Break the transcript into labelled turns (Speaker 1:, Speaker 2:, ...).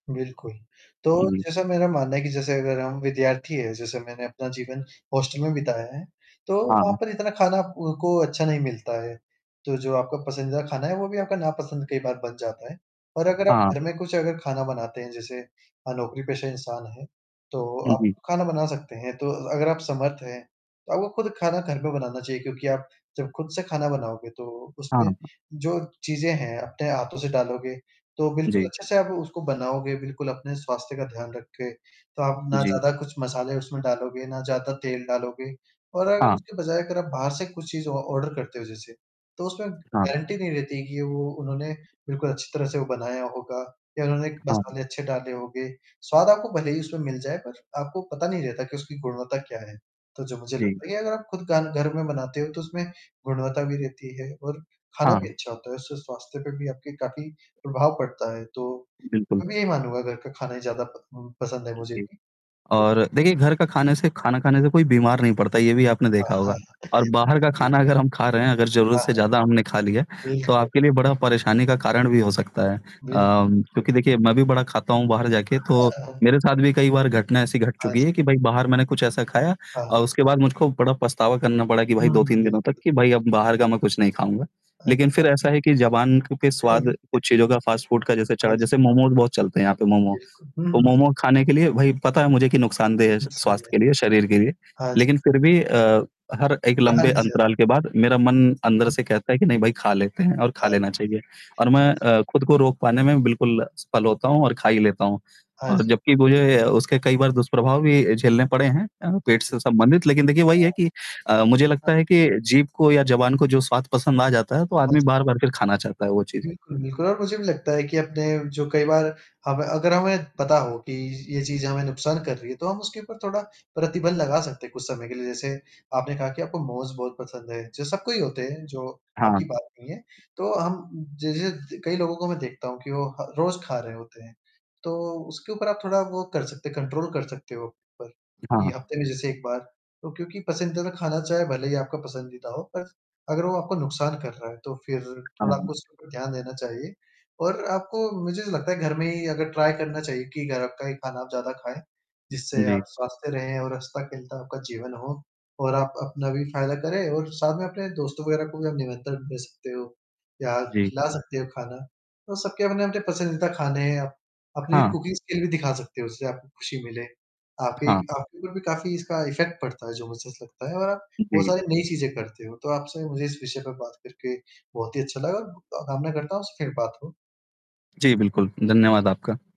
Speaker 1: बिल्कुल। तो
Speaker 2: जी, जी।
Speaker 1: जैसा मेरा मानना है कि जैसे अगर हम विद्यार्थी हैं, जैसे मैंने अपना जीवन हॉस्टल में बिताया है, तो
Speaker 2: हाँ,
Speaker 1: वहाँ
Speaker 2: हाँ।
Speaker 1: पर इतना खाना उ को अच्छा नहीं मिलता है, तो जो आपका पसंदीदा खाना है वो भी आपका नापसंद कई बार बन जाता है। पर अगर आप
Speaker 2: हाँ।
Speaker 1: घर में कुछ अगर खाना बनाते हैं, जैसे अ, नौकरी-पेशा इंसान हैं, तो
Speaker 2: जी,
Speaker 1: आप
Speaker 2: जी।
Speaker 1: खाना बना सकते हैं तो अ, अगर आप समर्थ हैं, तो आपको खुद खाना घर पे बनाना चाहिए, क्योंकि आप जब खुद से खाना बनाओगे, तो
Speaker 2: हाँ,
Speaker 1: उसमें
Speaker 2: हाँ।
Speaker 1: जो चीज़ें हैं, अपने हाथों से डालोगे, तो बिल्कुल
Speaker 2: जी।
Speaker 1: अच्छे से आप उसको बनाओगे बिल्कुल अपने स्वास्थ्य का ध्यान रख के। तो आप ना
Speaker 2: जी।
Speaker 1: ज़्यादा कुछ मसाले उसमें डालोगे, ना ज़्यादा तेल डालोगे और अगर
Speaker 2: हाँ।
Speaker 1: उसके बजाय अगर आप बाहर से कुछ चीज़ ऑ ऑर्डर करते हो जैसे, तो उसमें
Speaker 2: हाँ।
Speaker 1: गारंटी नहीं रहती है कि वो उन्होंने बिल्कुल अच्छी तरह से वो बनाया होगा या उन्होंने एक
Speaker 2: हाँ।
Speaker 1: मसाले अच्छे डाले होंगे। स्वाद आपको भले ही उसमें मिल जाए, पर आपको पता नहीं रहता कि उसकी गुणवत्ता क्या है? तो जो मुझे
Speaker 2: जी।
Speaker 1: लगता है या अगर आप खुद गान घर में बनाते हो, तो उसमें गुणवत्ता भी रहती है और खाना
Speaker 2: हाँ,
Speaker 1: भी
Speaker 2: हाँ।
Speaker 1: अच्छा होता है, उससे स्वास्थ्य पे भी आपके काफ़ी प्रभाव पड़ता है। तो,
Speaker 2: बिल्कुल।
Speaker 1: मैं भी यही मानूँगा, घर का खाना ज़्यादा प उम, पसंद है मुझे
Speaker 2: जी
Speaker 1: भी। तो
Speaker 2: और देखिए, घर का खाने से खाना खाने से कोई बीमार नहीं पड़ता, ये भी आपने
Speaker 1: हाँ,
Speaker 2: देखा
Speaker 1: हाँ,
Speaker 2: होगा
Speaker 1: हाँ,
Speaker 2: और बाहर का
Speaker 1: बिल्कुल।
Speaker 2: खाना अगर हम खा रहे हैं, अगर ज़रूरत
Speaker 1: हाँ,
Speaker 2: से
Speaker 1: हाँ।
Speaker 2: ज़्यादा हमने खा लिया, तो
Speaker 1: बिल्कुल।
Speaker 2: आपके लिए बड़ा परेशानी का कारण भी हो सकता है।
Speaker 1: बिल्कुल,
Speaker 2: अम,
Speaker 1: बिल्कुल।
Speaker 2: चूँकि देखिए मैं भी बड़ा खाता हूँ बाहर जाके, तो मेरे साथ भी कई बार घटना ऐसी घट
Speaker 1: हाँ
Speaker 2: चुकी
Speaker 1: जी।
Speaker 2: है कि, भाई बाहर मैंने कुछ ऐसा खाया
Speaker 1: हाँ, हाँ।
Speaker 2: और उसके बाद मुझको बड़ा पछतावा करना पड़ा कि, भाई
Speaker 1: हुँ,
Speaker 2: दो
Speaker 1: हुँ,
Speaker 2: तीन दिनों तक,
Speaker 1: बिल्कुल।
Speaker 2: कि भाई अब बाहर का मैं कुछ नहीं खाऊँगा। लेकिन
Speaker 1: अच्छा।
Speaker 2: फिर ऐसा है कि जबान क के स्वाद कुछ चीज़ों का फ़ास्ट फ़ूड का जैसे
Speaker 1: हाँ
Speaker 2: चढ़ा,
Speaker 1: जी।
Speaker 2: जैसे मोमोज़ बहुत चलते हैं यहाँ पे मोमो।
Speaker 1: बिल्कुल, हुँ,
Speaker 2: तो
Speaker 1: हुँ, जी।
Speaker 2: मोमो खाने के लिए भई, पता है मुझे कि नुकसानदेह है स स्वास्थ्य
Speaker 1: [unintelligible]
Speaker 2: के लिए, शरीर के लिए,
Speaker 1: हाँ जी।
Speaker 2: लेकिन फिर भी अ, हर एक
Speaker 1: अ, हाँ
Speaker 2: लंबे
Speaker 1: जी, हाँ।
Speaker 2: अंतराल के बाद मेरा मन अंदर से
Speaker 1: उहुँ।
Speaker 2: कहता है कि नहीं भई खा लेते हैं और
Speaker 1: हाँ,
Speaker 2: खा
Speaker 1: वो
Speaker 2: लेना
Speaker 1: तो है,
Speaker 2: चाहिए, और मैं
Speaker 1: हाँ जी।
Speaker 2: अ, खुद को रोक पाने में बिल्कुल असफल होता हूँ और खा ही लेता हूँ।
Speaker 1: हाँ
Speaker 2: और
Speaker 1: जी।
Speaker 2: जबकि मुझे अ, उसके कई बार दुष्प्रभाव भी अ, झेलने पड़े हैं अ,
Speaker 1: हाँ
Speaker 2: पेट
Speaker 1: जी,
Speaker 2: से संबंधित, लेकिन देखिए वही है
Speaker 1: हाँ।
Speaker 2: कि अ, मुझे
Speaker 1: हाँ।
Speaker 2: लगता है कि जीभ को या जबान को जो स्वाद पसंद आ जाता है, तो
Speaker 1: हाँ
Speaker 2: आदमी
Speaker 1: जी।
Speaker 2: बार-बार फिर खाना चाहता है वो चीज़।
Speaker 1: बिल्कुल, बिल्कुल, और मुझे भी लगता है कि अपने जो कई बार हमें अगर हमें पता हो, कि य ये चीज़ हमें नुकसान कर रही है, तो हम उसके ऊपर थोड़ा प्रतिबंध लगा सकते हैं कुछ समय के लिए। जैसे, आपने कहा कि आपको मोमोज बहुत पसंद है, जो सबको ही होते हैं, जो
Speaker 2: हाँ।
Speaker 1: आपकी बात नहीं है, तो हम ज ज द कई लोगों का मैं देखता हूँ कि वो ह रोज़ खा रहे होते हैं। तो उसके ऊपर आप थोड़ा वो कर सकते हैं, कंट्रोल कर सकते हो, पर कि
Speaker 2: हाँ।
Speaker 1: हफ़्ते में जैसे 1 बार, तो क्योंकि पसंदीदा खाना चाहे भले ही आपका पसंदीदा हो, पर अगर वो आपको नुकसान कर रहा है, तो फिर
Speaker 2: हाँ,
Speaker 1: थोड़ा
Speaker 2: हाँ।
Speaker 1: आपको उसके ऊपर ध्यान देना चाहिए और आपको, मुझे नहीं लगता है घर में ही अगर ट्राई करना चाहिए कि अ, घर का ही खाना आप ज़्यादा खाएँ, जिससे आप
Speaker 2: जी।
Speaker 1: स्वस्थ रहें और हँसता-खेलता आपका जीवन हो और आप अपना भी फ़ायदा करें और साथ में अपने दोस्तों वगैरह को भी आप निमंत्रण भेज सकते हो या
Speaker 2: जी।
Speaker 1: खिला सकते हो खाना। तो सबके अपने-अपने पसंदीदा खाने हैं, अप अपनी
Speaker 2: हाँ।
Speaker 1: कुकिंग स्किल भी दिखा सकते हो, उससे आपको खुशी मिले। आपके
Speaker 2: हाँ।
Speaker 1: एक आपके ऊपर भी काफ़ी इसका इफ़ेक्ट पड़ता है, जो मुझे ऐसा लगता है और आप बहुत
Speaker 2: जी।
Speaker 1: सारी नई चीज़ें करते हो, तो आपसे मुझे इस विषय पे बात करके बहुत ही अच्छा लगा और ग कामना करता हूँ आपसे फिर बात हो।
Speaker 2: जी, बिल्कुल, धन्यवाद आपका।